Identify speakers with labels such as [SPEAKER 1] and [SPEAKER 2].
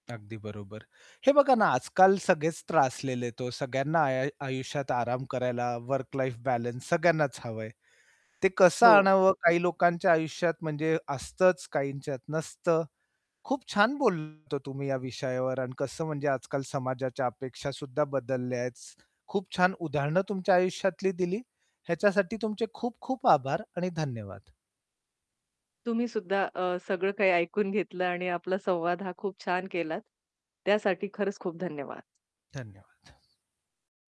[SPEAKER 1] अगदी बरोबर. हे बघा ना, आजकाल सगळेच त्रासलेले आहेत हो. सगळ्यांना आय आय आयुष्यात आराम करायला, वर्क लाईफ बॅलन्स सगळ्यांनाच हवंय. ते कसं
[SPEAKER 2] हो.
[SPEAKER 1] आणावं काही लोकांच्या आयुष्यात म्हणजे असतंच, काहींच्यात नसतं. खूप छान बोलतात हो तुम्ही या विषयावर अन् कसं म्हणजे आजकाल समाजाच्या अपेक्षा सुद्धा बदलल्यात. खूप छान उदाहरणं तुमच्या आयुष्यातली दिली. ह्याच्यासाठी तुमचे खूप-खूप आभार आणि धन्यवाद.
[SPEAKER 2] तुम्ही सुद्धा अ, सगळं काही ऐकून घेतलं आणि आपला संवाद हा खूप छान केलात. त्यासाठी खरंच खूप धन्यवाद.
[SPEAKER 1] धन्यवाद.